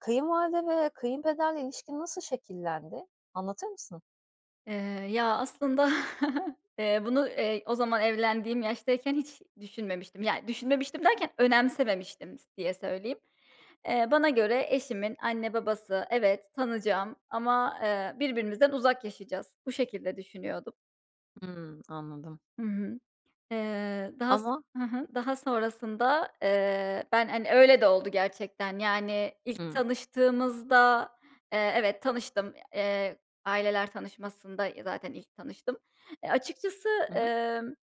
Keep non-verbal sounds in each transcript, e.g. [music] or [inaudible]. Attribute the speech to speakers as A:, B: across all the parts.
A: Kayınvalide ve kayınpederle ilişkin nasıl şekillendi, anlatır mısın?
B: Eee, ya, aslında [chuckles] eee, bunu, eee, o zaman evlendiğim yaştayken hiç düşünmemiştim. Yani, düşünmemiştim derken önemsememiştim s diye söyleyeyim. Eee, bana göre, "Eşimin anne, babası evet, tanıyacağım ama, eee, birbirimizden uzak yaşayacağız." Bu şekilde düşünüyordum.
A: Hımm, anladım.
B: Hı hı. Eee, daha s
A: Ama?
B: Hı hı. Daha sonrasında, eee, ben, hani, öyle de oldu gerçekten. Yani, ilk
A: Hımm.
B: tanıştığımızda, eee, evet, tanıştım. Eee, aileler tanışmasında, ya, zaten ilk tanıştım. E, açıkçası,
A: Hı hı.
B: emm,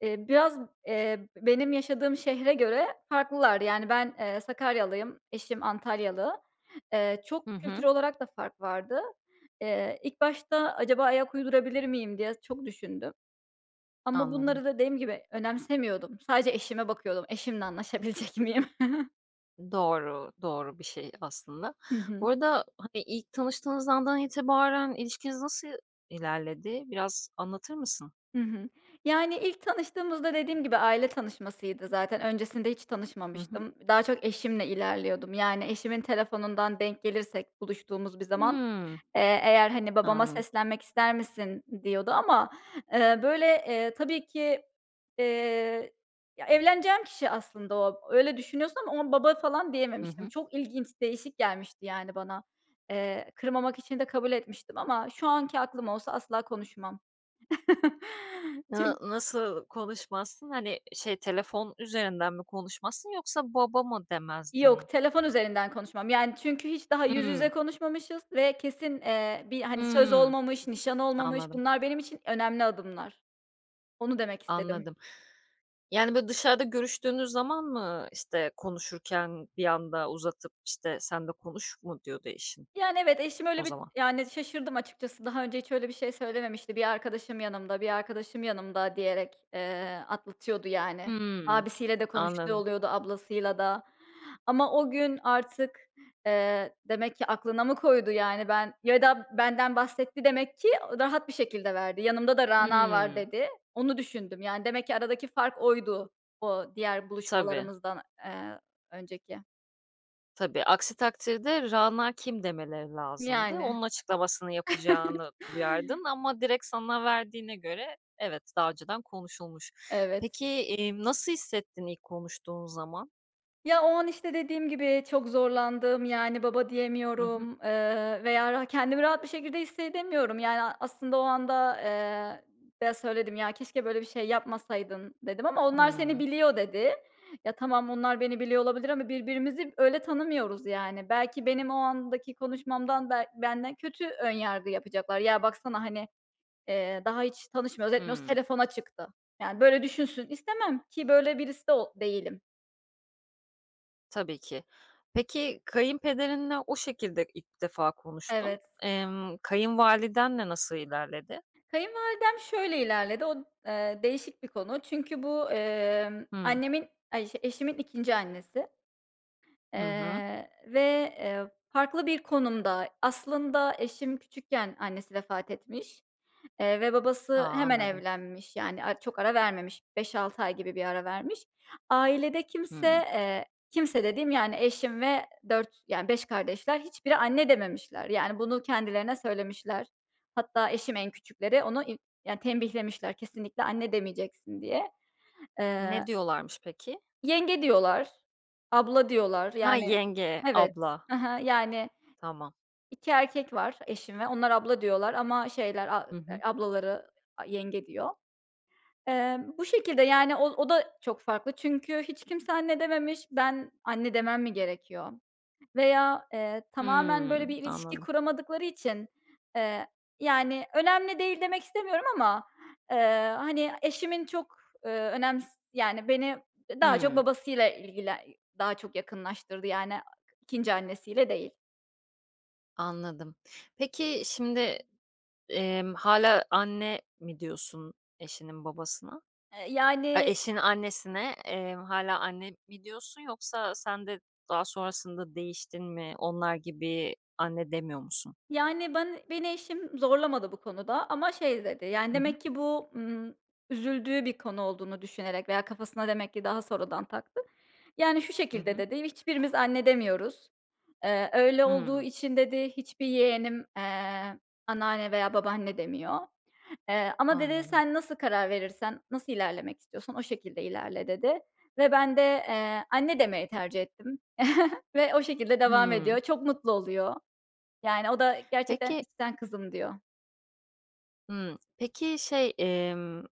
B: eee, biraz, eee, benim yaşadığım şehre göre farklılardı, yani, ben, eee, Sakaryalıyım, eşim Antalyalı. Eee,
A: Hı
B: çok kültür
A: hı.
B: olarak da fark vardı. Eee, ilk başta "Acaba ayak uydurabilir miyim?" diye çok düşündüm. Ama
A: Anladım.
B: bunları dediğim gibi, önemsemiyordum, sadece eşime bakıyordum. Eşimle anlaşabilecek miyim? [chuckles]
A: Doğru, doğru bir şey aslında.
B: Hı
A: Bu
B: hı.
A: arada ha eee, ilk tanıştığınız andan itibaren ilişkiniz nasıl ilerledi? Biraz anlatır mısın?
B: Hı hı, yani, ilk tanıştığımızda dediğim gibi, aile tanışmasıydı zaten öncesinde hiç
A: Hı hı.
B: tanışmamıştım. Daha çok eşimle ilerliyordum. Yani, eşimin telefonundan denk gelirsek buluştuğumuz bir zaman,
A: Hımm.
B: eee, eğer, hani, "Babama
A: Anladım.
B: seslenmek ister misin?" diyordu ama, eee, böyle, eee, tabii ki, eee Ya, evleneceğim kişi aslında o, öyle düşünüyorsun ama o an, "baba" falan
A: Hı
B: diyememiştim.
A: hı.
B: Çok ilginç, değişik gelmişti, yani, bana. Eee, kırmamak için de kabul etmiştim ama şu anki aklım olsa asla konuşmam. [chuckles]
A: Hıı,
B: Çün
A: nasıl konuşmazsın? Hani, şey telefon üzerinden mi konuşmazsın yoksa baba mı demezdin?
B: Yok, telefon üzerinden konuşmam, yani, çünkü hiç daha yüz yüze
A: Hımm.
B: konuşmamışız ve kesin, eee, bir, hani, söz
A: Hımm.
B: olmamış, nişan olmamış,
A: Anladım.
B: bunlar benim için önemli adımlar. Onu demek istedim.
A: Anladım. Yani, böyle, dışarıda görüştüğünüz zaman mı, işte, konuşurken bir anda uzatıp, işte, "Sen de konuş." mu diyordu eşin?
B: Yani, evet, eşim öyle
A: O
B: bir,
A: zaman.
B: yani, şaşırdım açıkçası. Daha önce hiç öyle bir şey söylememişti. "Bir arkadaşım yanımda, bir arkadaşım yanımda." diyerek, eee, atlatıyordu, yani.
A: Hımm.
B: Abisiyle de konuştuğu
A: Anladım.
B: oluyordu, ablasıyla da ama o gün artık, eee, demek ki aklına mı koydu? Yani, ben Ya da benden bahsetti demek ki rahat bir şekilde verdi. "Yanımda da Rana var."
A: Hımm.
B: dedi. Onu düşündüm. Yani, demek ki aradaki fark oydu, o diğer
A: Tabii.
B: buluşmalarımızdan, eee, önceki.
A: Tabii, aksi takdirde Rana kim demeleri lazımdı.
B: Yani.
A: Onun açıklamasını yapacağını
B: [chuckles]
A: duyardın ama direkt sana verdiğine göre, evet, daha önceden konuşulmuş.
B: Evet.
A: Peki, emm, nasıl hissettin ilk konuştuğun zaman?
B: Ya, o an, işte, dediğim gibi çok zorlandım. Yani, "baba"
A: Hı
B: diyemiyorum,
A: hı.
B: ııı, veya ra kendimi rahat bir şekilde hissedemiyorum. Yani, aslında o anda, eee, eee, söyledim, ya, "keşke böyle bir şey yapmasaydın" dedim ama "onlar seni
A: Hıı.
B: biliyor" dedi. Ya, tamam onlar beni biliyor olabilir ama birbirimizi öyle tanımıyoruz, yani. Belki benim o andaki konuşmamdan be benden kötü önyargı yapacaklar. "Ya, baksana, hani, eee, daha hiç tanışmıyor, etmiyoruz
A: Hıı.
B: telefona çıktı." Yani, böyle, düşünsün istemem, ki böyle birisi o değilim.
A: Tabii ki. Peki, kayınpederinle o şekilde ilk defa konuştun.
B: Evet.
A: Emm, kayınvalidenle nasıl ilerledi?
B: Kayınvalidem şöyle ilerledi. O d eee, değişik bir konu. Çünkü bu, emm,
A: Hı.
B: annemin, ay, işte, eşimin 2'nci annesi.
A: Hı hı.
B: Eee, ve, eee, farklı bir konumda, aslında eşim küçükken annesi vefat etmiş, eee, ve
A: A,
B: babası hemen
A: anladım.
B: evlenmiş, yani, a çok ara vermemiş. 5-6 ay gibi bir ara vermiş. Ailede kimse,
A: Hıı.
B: eee, kimse dediğim, yani, eşim ve 4, yani 5 kardeşler hiçbiri anne dememişler. Yani, bunu kendilerine söylemişler. Hatta eşim en küçükleri onu i ya, tembihlemişler kesinlikle "anne" demeyeceksin diye.
A: Ne
B: Eee
A: diyorlarmış peki?
B: "Yenge" diyorlar, "abla" diyorlar,
A: Ha,
B: yani,
A: yenge,
B: evet,
A: abla.
B: hı hı, yani,
A: Tamam.
B: 2 erkek var eşim ve onlar "abla" diyorlar ama şeyler a
A: Hı
B: eee,
A: hı.
B: ablaları "yenge" diyor. Eee, bu şekilde, yani, o o da çok farklı çünkü hiç kimse "anne" dememiş. Ben anne demem mi gerekiyor veya, eee, tamamen,
A: Hıı,
B: böyle, bir ilişki
A: anladım.
B: kuramadıkları için, eee, yani, önemli değil demek istemiyorum ama, eee, hani, eşimin çok, ııı, önems yani, beni daha çok
A: Hıı.
B: babasıyla ilgili daha çok yakınlaştırdı yani 2'nci annesiyle değil.
A: Anladım. Peki, şimdi, emm, hâlâ anne mi diyorsun eşinin babasına?
B: Eee,
A: Ay,
B: yani
A: eşinin annesine, eee, hâlâ anne mi diyorsun yoksa sen de daha sonrasında değiştin mi, onlar gibi anne demiyor musun?
B: Yani, ban beni eşim zorlamadı bu konuda ama, şey dedi, yani,
A: Hı hı.
B: demek ki bu, ımm, üzüldüğü bir konu olduğunu düşünerek veya kafasına demek ki daha sonradan taktı. Yani, şu
A: Hı
B: şekilde
A: hı.
B: dedi "hiçbirimiz anne demiyoruz. Eee, öyle olduğu
A: Hımm.
B: için dedi, hiçbir yeğenim, eee, anneanne veya babaanne demiyor. Eee, ama, dedi,
A: Anladım.
B: sen nasıl karar verirsen, nasıl ilerlemek istiyorsan o şekilde ilerle, dedi. Ve ben de, eee, anne demeyi tercih ettim. [chuckles] Ve o şekilde devam
A: Hımm.
B: ediyor. Çok mutlu oluyor. Yani o da gerçekten,
A: Peki
B: içten "kızım" diyor.
A: Hımm. [smacks lips] Peki şey, emm,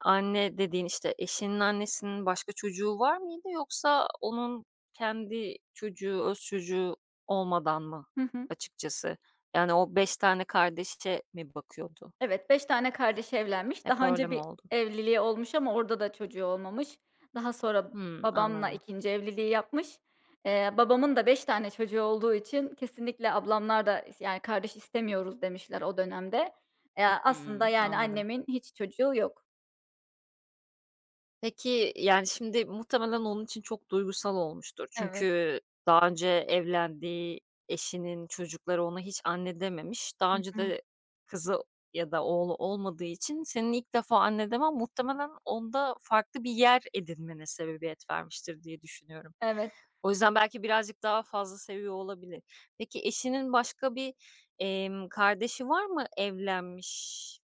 A: anne dediğin, işte, eşinin annesinin başka çocuğu var mıydı yoksa onun kendi çocuğu, öz çocuğu olmadan mı
B: Hı hı.
A: açıkçası? Yani, o 5 tane kardeşe mi bakıyordu?
B: Evet 5 tane kardeşi evlenmiş.
A: Hep
B: Daha
A: öyle
B: önce
A: mi
B: bir
A: oldu?
B: evliliği olmuş ama orada da çocuğu olmamış. Daha sonra
A: Hımm,
B: babamla
A: anladım.
B: ikinci evliliği yapmış. Eee, babamın da 5 tane çocuğu olduğu için kesinlikle ablamlar da is yani kardeş istemiyoruz demişler o dönemde. Eee, aslında,
A: Hımm.
B: yani,
A: Anladım.
B: annemin hiç çocuğu yok.
A: Peki, yani şimdi muhtemelen onun için çok duygusal olmuştur.
B: Evet.
A: Çünkü daha önce evlendiği eşinin çocukları ona hiç anne dememiş. Daha
B: Hı
A: önce
B: hı.
A: de kızı ya da oğlu olmadığı için senin ilk defa anne demen muhtemelen onda farklı bir yer edinmene sebebiyet vermiştir, diye düşünüyorum.
B: Evet.
A: O yüzden belki birazcık daha fazla seviyor olabilir. Peki eşinin başka bir, emm, kardeşi var mı evlenmiş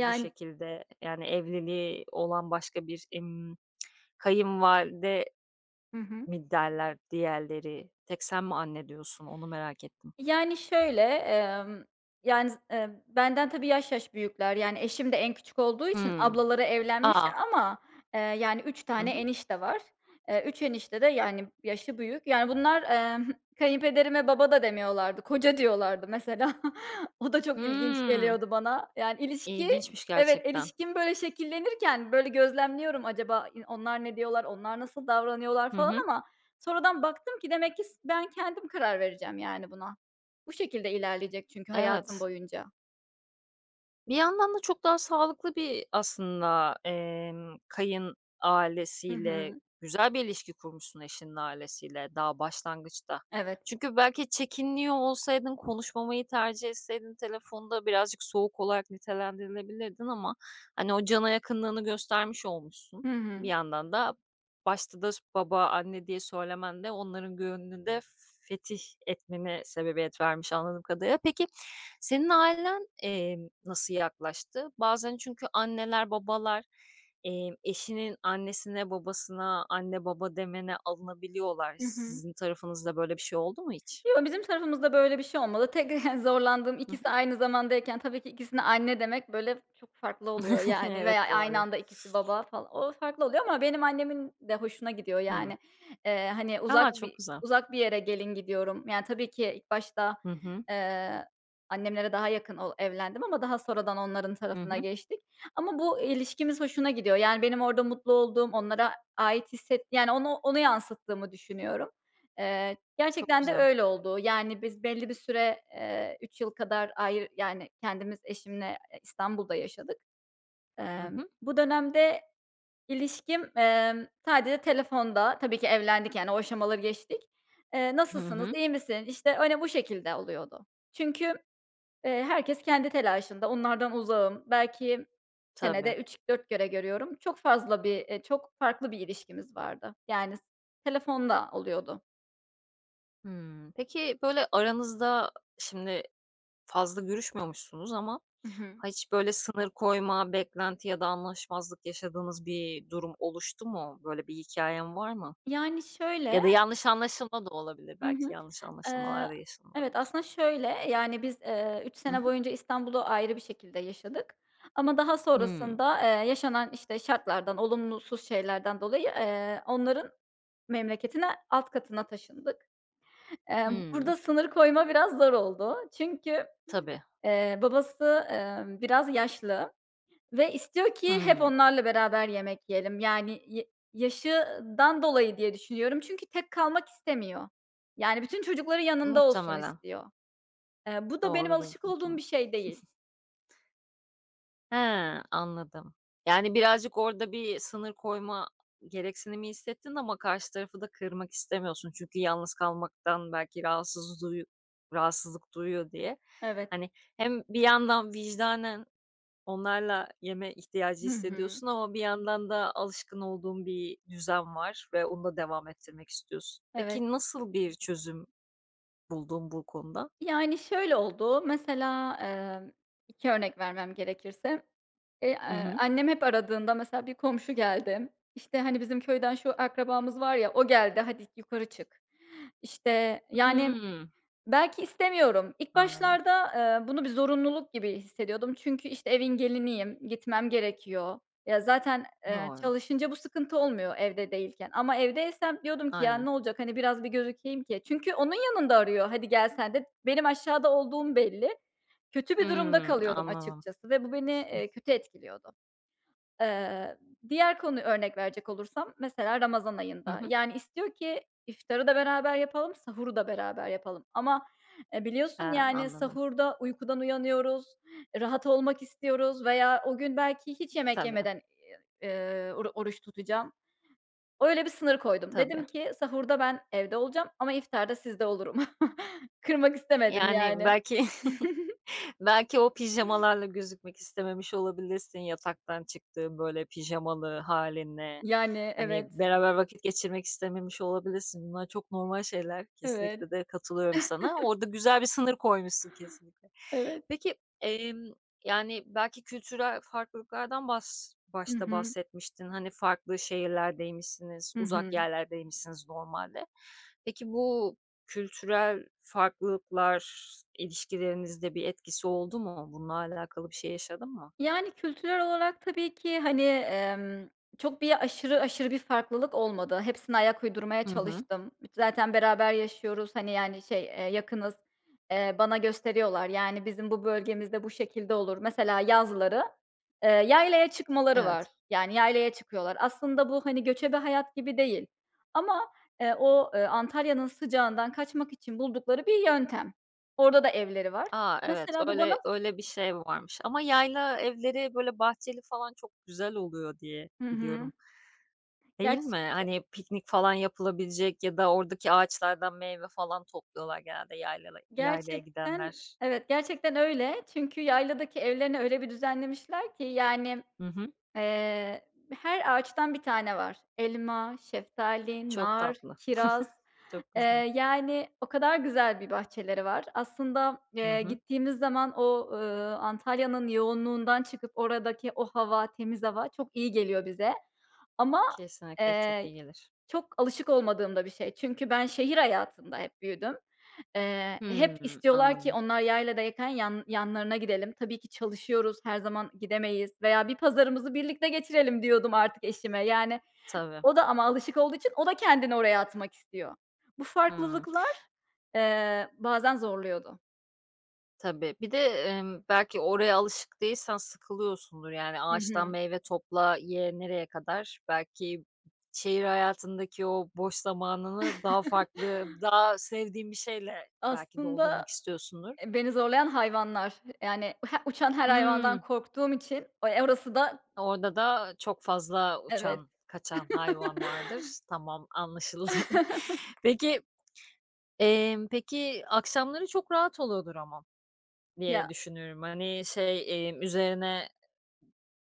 A: bu şekilde? Yani evliliği olan başka bir, imm, [tsk] kayınvalide
B: Hı hı.
A: mi derler diğerleri? Tek sen mi anne diyorsun, onu merak ettim.
B: Yani şöyle, emm, yani, z eee, benden tabii yaş yaş büyükler. Yani eşim de en küçük olduğu için
A: Hıı.
B: ablaları
A: A!
B: evlenmişler ama, eee, yani 3
A: Hı
B: tane
A: hı.
B: enişte var. Eee, 3 enişte de yani yaşı büyük. Yani bunlar, emm, [giggles] kayınpederime baba da demiyorlardı, koca diyorlardı mesela. [chuckles] O da çok ilginç
A: Hıı.
B: geliyordu bana. Yani ilişki
A: İlginçmiş
B: Evet,
A: gerçekten.
B: ilişkim böyle şekillenirken, böyle gözlemliyorum acaba i onlar ne diyorlar, onlar nasıl davranıyorlar
A: Hı
B: falan
A: hı.
B: ama sonradan baktım ki demek ki s ben kendim karar vereceğim yani buna. Bu şekilde ilerleyecek çünkü hayatım
A: Evet.
B: boyunca.
A: Bir yandan da çok daha sağlıklı bir aslında, emm, kayın
B: Hı
A: ailesiyle
B: hı.
A: Güzel bir ilişki kurmuşsun eşinin ailesiyle daha başlangıçta.
B: Evet.
A: Çünkü belki çekiniyor olsaydın, konuşmamayı tercih etseydin telefonda birazcık soğuk olarak nitelendirilebilirdin ama, hani, o cana yakınlığını göstermiş olmuşsun.
B: Hı
A: Bir
B: hı.
A: yandan da başta da s "baba, anne" diye söylemen de onların gönlünü de fetih etmene sebebiyet vermiş anladığım kadarıyla. Peki, senin ailen, eee, nasıl yaklaştı? Bazen çünkü anneler, babalar, eee, eşinin annesine, babasına, "anne, baba" demene alınabiliyorlar.
B: Hı hı.
A: Sizin tarafınızda böyle bir şey oldu mu hiç?
B: Yo, bizim tarafımızda böyle bir şey olmadı. Tek [chuckles] zorlandığım
A: Hı
B: ikisi
A: hı.
B: aynı zamandayken tabii ki ikisine, "anne" demek, böyle, çok farklı oluyor,
A: [chuckles]
B: yani, veya
A: Evet,
B: aynı
A: doğru.
B: anda ikisi, "baba" fal o farklı oluyor ama benim annemin de hoşuna gidiyor,
A: Hımm.
B: yani. Eee, hani, uzak
A: A! Çok
B: bir
A: güzel.
B: uzak bir yere gelin gidiyorum. Yani, tabii ki ilk başta,
A: Hı hı.
B: eee, annemlere daha yakın ol evlendim ama daha sonradan onların
A: Hı
B: tarafına
A: hı.
B: geçtik. Ama bu ilişkimiz hoşuna gidiyor, yani, benim orada mutlu olduğum, onlara ait hisset Yani, ona onu yansıttığımı düşünüyorum. Eee,
A: Çok
B: gerçekten de
A: güzel.
B: öyle oldu. Yani, biz belli bir süre, eee, 3 yıl kadar ayrı yani, kendimiz eşimle, eee, İstanbul'da yaşadık.
A: Hı
B: Emm,
A: hı.
B: bu dönemde ilişkim, emm, sadece telefonda Tabii ki evlendik, yani o aşamaları geçtik. Eee,
A: Hı
B: "Nasılsınız,
A: hı.
B: iyi misin?" işte, öyle bu şekilde oluyordu. Çünkü, eee, herkes kendi telaşında, onlardan uzağım. Belki
A: Tabii.
B: senede 3-4 kere görüyorum. Çok fazla bir, eee çok farklı bir ilişkimiz vardı. Yani s telefonla oluyordu.
A: Hımm. Peki, böyle, aranızda şimdi fazla görüşmüyormuşsunuz ama
B: Hı hı.
A: ha hiç, böyle, sınır koyma, beklenti ya da anlaşmazlık yaşadığınız bir durum oluştu mu? Böyle bir hikâyen var mı?
B: Yani,
A: Ya
B: şöyle
A: da yanlış anlaşılma da olabilir.
B: Hı
A: Belki
B: hı.
A: yanlış
B: Eee,
A: anlaşılmalar da
B: evet,
A: yaşanılabilir.
B: aslında şöyle yani biz, eee, 3
A: Hı
B: sene
A: hı.
B: boyunca İstanbul'u ayrı bir şekilde yaşadık ama daha
A: Hıı.
B: sonrasında, eee, yaşanan, işte, şartlardan, olumlusuz şeylerden dolayı, eee, onların memleketine, alt katına taşındık. Emm,
A: Hıı.
B: burada sınır koyma biraz zor oldu. Çünkü,
A: Tabii.
B: eee, babası, emm, biraz yaşlı ve istiyor ki hep
A: Hıı.
B: onlarla beraber yemek yiyelim. Yani, ya yaşından dolayı diye düşünüyorum çünkü tek kalmak istemiyor. Yani, bütün çocukları yanında olsun
A: Muhtemelen.
B: istiyor. Eee, bu da benim
A: Doğrudur,
B: alışık olduğum
A: muhtemelen.
B: bir şey değil.
A: [chuckles] He, anladım. Yani, birazcık orada bir sınır koyma gereksinimi hissettin ama karşı tarafı da kırmak istemiyorsun. Çünkü yalnız kalmaktan belki rahatsız duyu rahatsızlık duyuyor diye.
B: Evet.
A: Hani, hem bir yandan vicdanen onlarla yeme ihtiyacı
B: Hı hı.
A: hissediyorsun ama bir yandan da alışkın olduğun bir düzen var ve onu da devam ettirmek istiyorsun.
B: Evet.
A: Peki, nasıl bir çözüm buldun bu konuda?
B: Yani, şöyle oldu: Mesela, emm, 2 örnek vermem gerekirse, eee,
A: Hı
B: aaa,
A: hı.
B: annem hep aradığında mesela bir komşu geldi. İşte, "Hani, bizim köyden şu akrabamız var ya, o geldi, hadi, yukarı çık." İşte, yani,
A: Hıı.
B: belki istemiyorum. İlk
A: Anladım.
B: başlarda, eee, bunu bir zorunluluk gibi hissediyordum çünkü, işte, evin geliniyim, gitmem gerekiyor. Ya zaten, eee,
A: Doğru.
B: çalışınca bu sıkıntı olmuyor evde değilken ama evdeysem diyordum ki "Ya,
A: Aynen.
B: ne olacak? Hani, biraz bir gözükeyim ki" Çünkü onun yanında arıyor, "Hadi, gel sen de." Benim aşağıda olduğum belli. Kötü bir durumda
A: Hıı.
B: kalıyordum
A: Anladım.
B: açıkçası ve bu beni,
A: [chuckles]
B: eee, kötü etkiliyordu. Eee, diğer konuyu örnek verecek olursam mesela Ramazan
A: Hı
B: ayında.
A: hı.
B: Yani, istiyor ki iftarı da beraber yapalım, sahuru da beraber yapalım ama, eee,
A: Eee,
B: biliyorsun, yani,
A: anladım.
B: sahurda uykudan uyanıyoruz, rahat olmak istiyoruz veya o gün belki hiç yemek
A: Tabii.
B: yemeden, ııı, oru oruç tutacağım. Öyle bir sınır koydum.
A: Tabii.
B: Dedim ki, "Sahurda ben evde olacağım ama iftarda sizde olurum." [chuckles] Kırmak istemedim
A: Yani,
B: yani.
A: belki [chuckles]
B: [chuckles]
A: belki o pijamalarla gözükmek istememiş olabilirsin, yataktan çıktığın, böyle, pijamalı hâlinle.
B: Yani,
A: Hani,
B: evet.
A: beraber vakit geçirmek istememiş olabilirsin. Bunlar çok normal şeyler.
B: Evet.
A: Kesinlikle de katılıyorum sana.
B: [chuckles]
A: Orada güzel bir sınır koymuşsun kesinlikle.
B: Evet.
A: Peki, emm, yani, belki kültürel farklılıklardan bas
B: Hı
A: başta
B: hı.
A: bahsetmiştin. Hani, farklı şehirlerdeymişsiniz.
B: Hı
A: Uzak
B: hı.
A: yerlerdeymişsiniz normalde. Peki, bu kültürel farklılıklar ilişkilerinizde bir etkisi oldu mu? Bunlarla alakalı bir şey yaşadın mı?
B: Yani, kültürel olarak tabii ki, hani, emm, çok bir aşırı aşırı bir farklılık olmadı. Hepsine ayak uydurmaya
A: Hı hı.
B: çalıştım. Zaten beraber yaşıyoruz, hani, yani, şey, eee, yakınız, eee, bana gösteriyorlar. "Yani, bizim bu bölgemizde bu şekilde olur." Mesela yazları, eee, yaylaya çıkmaları var.
A: Evet.
B: Yani yaylaya çıkıyorlar. Aslında bu, hani, göçebe hayat gibi değil ama, eee, o, ııı, Antalya'nın sıcağından kaçmak için buldukları bir yöntem. Orada da evleri var.
A: A. Evet.
B: Mesela bu bana
A: Öyle öyle bir şey varmış. Ama yayla evleri, böyle, bahçeli falan çok güzel oluyor diye
B: Hı hı.
A: biliyorum. Değil mi?
B: Gerçek ya
A: Hani, piknik falan yapılabilecek ya da oradaki ağaçlardan meyve falan topluyorlar genelde yaylala yaylaya
B: Gerçekten,
A: gidenler.
B: evet, gerçekten öyle çünkü yayladaki evlerini öyle bir düzenlemişler ki, yani,
A: Hı hı.
B: eee, her ağaçtan bir tane var. Elma, şeftali,
A: Çok
B: nar,
A: tatlı.
B: kiraz,
A: [chuckles] Çok
B: eee,
A: güzel.
B: yani o kadar güzel bir bahçeleri var. Aslında,
A: Hı
B: eee,
A: hı.
B: gittiğimiz zaman o, ııı, Antalya'nın yoğunluğundan çıkıp oradaki o hava, temiz hava çok iyi geliyor bize ama,
A: Kesinlikle, çok
B: eee,
A: iyi gelir.
B: çok alışık olmadığım da bir şey. Çünkü ben şehir hayatında hep büyüdüm. Eee, hep
A: Hımm.
B: istiyorlar ki
A: Anladım.
B: onlar yayladayken yan yanlarına gidelim. Tabii ki çalışıyoruz, her zaman gidemeyiz veya "Bir pazarımızı birlikte geçirelim." diyordum artık eşime. Yani,
A: Tabii.
B: o da ama alışık olduğu için o da kendini oraya atmak istiyor. Bu
A: Hıı.
B: farklılıklar, eee, bazen zorluyordu.
A: Tabii. Bir de, emm, belki oraya alışık değilsen sıkılıyorsundur yani
B: Hı
A: ağaçtan
B: hı.
A: meyve topla, ye nereye kadar? Belki şehir hayatındaki o boş zamanını daha farklı
B: [chuckles]
A: daha sevdiğin bir şeyle belki
B: Aslında,
A: doldurmak istiyorsundur.
B: eee, beni zorlayan hayvanlar yani he uçan her hayvandan
A: Hımm.
B: korktuğum için, eee, orası da
A: Orada da, eee, çok fazla
B: Evet.
A: uçan kaçan hayvan
B: [chuckles]
A: vardır. Tamam anlaşıldı.
B: [chuckles]
A: Peki, eee, peki akşamları çok rahat oluyordur ama diye
B: Ya.
A: düşünüyorum. Hani şey, eee, üzerine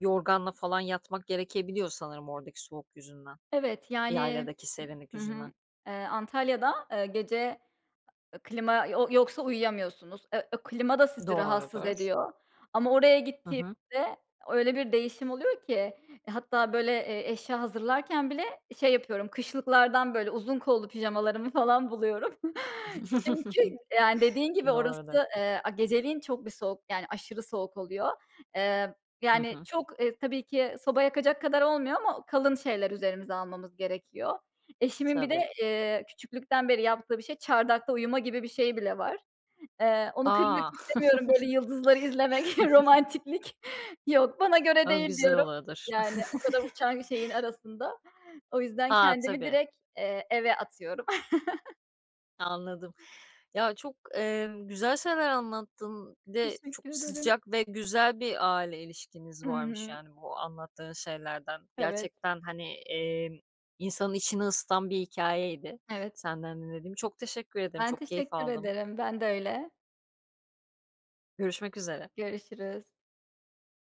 A: yorganla falan yatmak gerekebiliyor sanırım oradaki soğuk yüzünden.
B: Evet, yani,
A: Yayladaki serinlik
B: hıı, hı
A: yüzünden.
B: hı, eee, Antalya'da, eee, gece klima yo yoksa uyuyamıyorsunuz. Eee, klima da sizi rahatsız
A: Doğrudur.
B: ediyor ama oraya
A: Hı hı.
B: gittiğimizde öyle bir değişim oluyor ki hatta böyle, eee, eşya hazırlarken bile şey yapıyorum kışlıklardan böyle uzun kollu pijamalarımı falan buluyorum. [chuckles] Çünkü
A: [giggles]
B: yani dediğin gibi
A: Doğrudur.
B: orası, eee, a geceleyin çok bir soğuk yani aşırı soğuk oluyor. Eee,
A: Hı
B: yani
A: hı.
B: çok, eee, tabii ki soba yakacak kadar olmuyor ama kalın şeyler üzerimize almamız gerekiyor. Eşimin bir de,
A: Tabii.
B: eee, küçüklükten beri yaptığı bir şey çardakta uyuma gibi bir şeyi bile var. Eee, onu kırmak
A: A!
B: istemiyorum böyle yıldızları izlemek [chuckles]
A: [chuckles] [giggles]
B: romantiklik. Yok, bana göre
A: O,
B: değil
A: güzel
B: diyorum
A: oluyordur.
B: yani o kadar uçan şeyin
A: [chuckles]
B: arasında. O yüzden
A: A.
B: kendimi
A: tabii.
B: direkt, eee, eve atıyorum. [chuckles]
A: Anladım. Ya çok, eee, güzel şeyler anlattın bir de çok
B: Teşekkür ederim.
A: sıcak ve güzel bir aile ilişkiniz
B: Hı
A: varmış
B: hı.
A: yani bu anlattığın şeylerden.
B: Evet.
A: Gerçekten hani, eee, insanın içini ısıtan bir hikâyeydi
B: Evet.
A: senden dinlediğim. Çok teşekkür ederim.
B: Ben
A: Çok keyif
B: teşekkür
A: aldım.
B: ederim. Ben de öyle.
A: Görüşmek üzere.
B: Görüşürüz.